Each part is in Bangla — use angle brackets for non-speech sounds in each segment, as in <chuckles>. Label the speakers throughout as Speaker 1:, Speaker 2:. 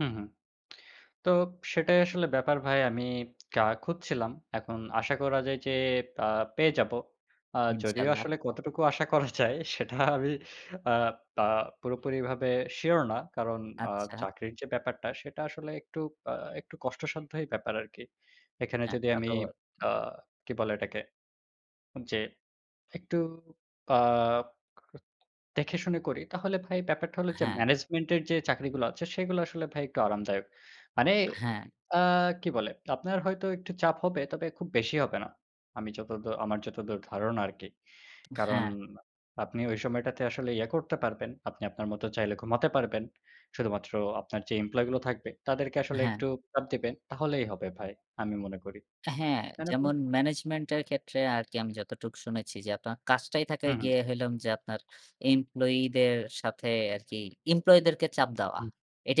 Speaker 1: হুম, হুম, তো সেটাই আসলে ব্যাপার ভাই আমি ক্যা খুঁজছিলাম। এখন আশা করা যায় যে আ পেয়ে যাবো। আ যদিও
Speaker 2: ইনশাআল্লাহ।
Speaker 1: আসলে কতটুকু আশা করা যায় সেটা আমি আ তা পুরোপুরিভাবে সিউর না। কারণ আ
Speaker 2: আচ্ছা।
Speaker 1: চাকরির যে ব্যাপারটা সেটা আসলে একটু আ একটু কষ্টসাধ্যই ব্যাপার আরকি। এখানে
Speaker 2: হ্যাঁ
Speaker 1: যদি আমি
Speaker 2: তাতো ব
Speaker 1: আ কি বলে এটাকে যে একটু আ <unintelligible> দেখেশুনে করি তাহলে ভাই ব্যাপারটা হলো যে
Speaker 2: হ্যাঁ।
Speaker 1: ম্যানেজমেন্টের যে চাকরিগুলো আছে সেগুলো আসলে ভাই একটু আরামদায়ক। মানে
Speaker 2: হ্যাঁ।
Speaker 1: আ কি বলে? আপনার হয়তো একটু চাপ হবে তবে খুব বেশি হবে না। আমি যতদ আমার যতদূর ধারণা আরকি। কারণ
Speaker 2: হ্যাঁ।
Speaker 1: আপনি ওই সময়টাতে আসলে ইয়ে করতে পারবেন। আপনি আপনার মত চাইলে ঘুমাতে পারবেন। শুধুমাত্র আপনার যে এমপ্লয়িগুলো থাকবে তাদেরকে আসলে
Speaker 2: হ্যাঁ।
Speaker 1: একটু চাপ দিবেন। তাহলেই হবে ভাই। আমি মনে করি।
Speaker 2: হ্যাঁ,
Speaker 1: তাই না ভাই?
Speaker 2: যেমন ম্যানেজমেন্টের ক্ষেত্রে আরকি আমি যতটুক শুনেছি যে আপনার কাজটাই
Speaker 1: হু
Speaker 2: থাকায়
Speaker 1: হু।
Speaker 2: গিয়ে হইলাম, যে আপনার এমপ্লয়িদের সাথে আরকি এমপ্লয়িদেরকে চাপ দেওয়া।
Speaker 1: হু,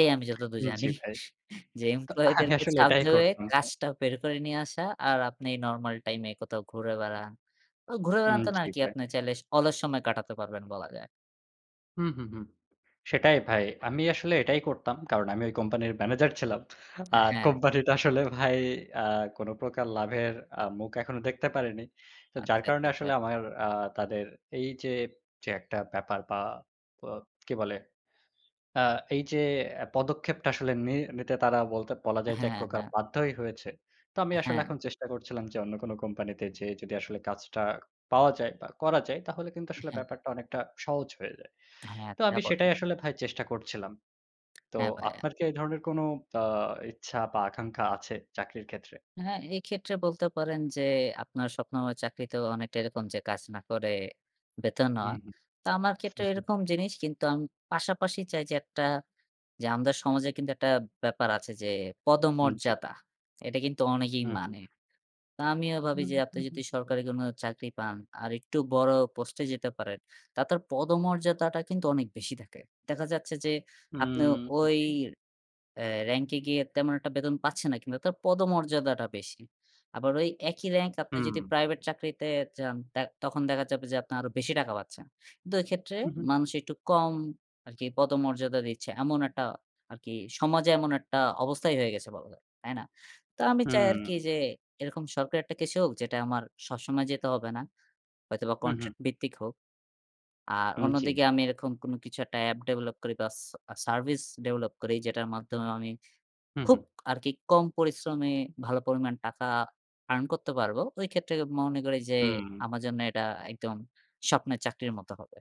Speaker 1: উ
Speaker 2: আমি যতদূর
Speaker 1: উম
Speaker 2: জানি।
Speaker 1: জি ভাই।
Speaker 2: <chuckles> যে
Speaker 1: তো আমি
Speaker 2: এমপ্লয়িদেরকে
Speaker 1: আসলে
Speaker 2: চাপ
Speaker 1: এটাই
Speaker 2: দিয়ে
Speaker 1: করতাম ভাই।
Speaker 2: কাজটা বের করে নিয়ে আসা, আর আপনি নরমাল টাইমে কোথাও ঘুরে বেড়ান। ঐ ঘুরে বেড়ান
Speaker 1: উম
Speaker 2: তো না
Speaker 1: জি
Speaker 2: আরকি
Speaker 1: ভাই।
Speaker 2: আপনি চাইলে অলস সময় কাটাতে পারবেন বলা যায়।
Speaker 1: হুম, হুম, হুম সেটাই ভাই। আমি আসলে এটাই করতাম। কারণ আমি ওই কোম্পানির ম্যানেজার ছিলাম।
Speaker 2: অ্যা
Speaker 1: আর
Speaker 2: হ্যাঁ।
Speaker 1: কোম্পানিটা আসলে ভাই আ কোন প্রকার লাভের আ মুখ এখনো দেখতে পারেনি। তো যার
Speaker 2: আচ্ছা,
Speaker 1: কারণে
Speaker 2: আচ্ছা, আচ্ছা।
Speaker 1: আসলে আমার আ তাদের এই যে, যে, একটা ব্যাপার বা ব কি বলে, আ এই যে পদক্ষেপটা আসলে নি নিতে তারা বলতে বলা যায় যে এক
Speaker 2: হ্যাঁ,
Speaker 1: প্রকার
Speaker 2: হ্যাঁ।
Speaker 1: বাধ্যই হয়েছে। তো আমি আসলে
Speaker 2: হ্যাঁ।
Speaker 1: এখন চেষ্টা করছিলাম যে অন্য কোন কোম্পানিতে যেয়ে যদি আসলে কাজটা পাওয়া যায় বা করা যায় তাহলে কিন্তু আসলে
Speaker 2: উহুম।
Speaker 1: ব্যাপারটা অনেকটা সহজ হয়ে যায়।
Speaker 2: হ্যাঁ,
Speaker 1: তো
Speaker 2: তা
Speaker 1: আমি
Speaker 2: বটে।
Speaker 1: সেটাই আসলে ভাই চেষ্টা করছিলাম। তো
Speaker 2: হ্যাঁ ভাইয়া।
Speaker 1: আপনার কি এই ধরনের কোন আ ইচ্ছা বা আকাঙ্খা আছে চাকরির ক্ষেত্রে?
Speaker 2: হ্যাঁ, এই ক্ষেত্রে বলতে পারেন যে, আপনার স্বপ্নময় চাকরিতেও অনেকটা এরকম যে কাজ না করে বেতন নেয়া।
Speaker 1: হুম, হুম।
Speaker 2: তো আমার ক্ষেত্রে এরকম
Speaker 1: <chuckles>
Speaker 2: জিনিস কিন্তু আমি পাশাপাশি চাই যে, একটা যে আমাদের সমাজে কিন্তু একটা ব্যাপার আছে যে
Speaker 1: হুম জি।
Speaker 2: পদমর্যাদা, এটা কিন্তু অনেকেই
Speaker 1: হু, হু।
Speaker 2: মানে। তো আমিও
Speaker 1: হু,
Speaker 2: ভাবি যে আপনি
Speaker 1: হু,
Speaker 2: যদি
Speaker 1: হুম।
Speaker 2: সরকারি কোনো চাকরি পান আর একটু বড় পোস্টে যেতে পারেন। তাদের পদমর্যাদাটা কিন্তু অনেক বেশি থাকে। দেখা যাচ্ছে যে আপনি
Speaker 1: হুম।
Speaker 2: ওই
Speaker 1: জি।
Speaker 2: আ র‍্যাংকে গিয়ে তেমন একটা বেতন পাচ্ছেন না, কিন্তু তার পদমর্যাদাটা বেশি। আবার ওই একই র‍্যাংকে আপনি যদি
Speaker 1: হুম।
Speaker 2: প্রাইভেট চাকরিতে যান তার তখন দেখা যাবে যে আপনার আরো বেশি টাকা পাচ্ছেন। কিন্তু এই ক্ষেত্রে
Speaker 1: উ, হুম।
Speaker 2: মানুষ একটু কম আরকি পদমর্যাদা দিচ্ছে। এমন একটা আরকি, সমাজে এমন একটা অবস্থাই হয়ে গেছে বলা যায়। তাই না? তো আমি চাই আরকি
Speaker 1: হুম।
Speaker 2: যে এরকম সরকারি একটা কিছু হোক, যেটা আমার সবসময় যেতে হবে না। হয়তোবা
Speaker 1: হু, হু।
Speaker 2: কন্ট্রাক্ট ভিত্তিক হোক। আর
Speaker 1: উম জি।
Speaker 2: অন্যদিকে আমি এরকম কোনো কিছু একটা এপ ডেভেলপ করি বা সা সার্ভিস ডেভেলপ করি যেটার মাধ্যমে আমি
Speaker 1: হু,
Speaker 2: খুব
Speaker 1: হু।
Speaker 2: আরকি কম পরিশ্রমে ভালো পরিমাণ টাকা আর্ন করতে পারব। ওইক্ষেত্রে মনে করি যে
Speaker 1: হুম।
Speaker 2: আমার জন্য এটা একদম স্বপ্নের চাকরির মত হবে।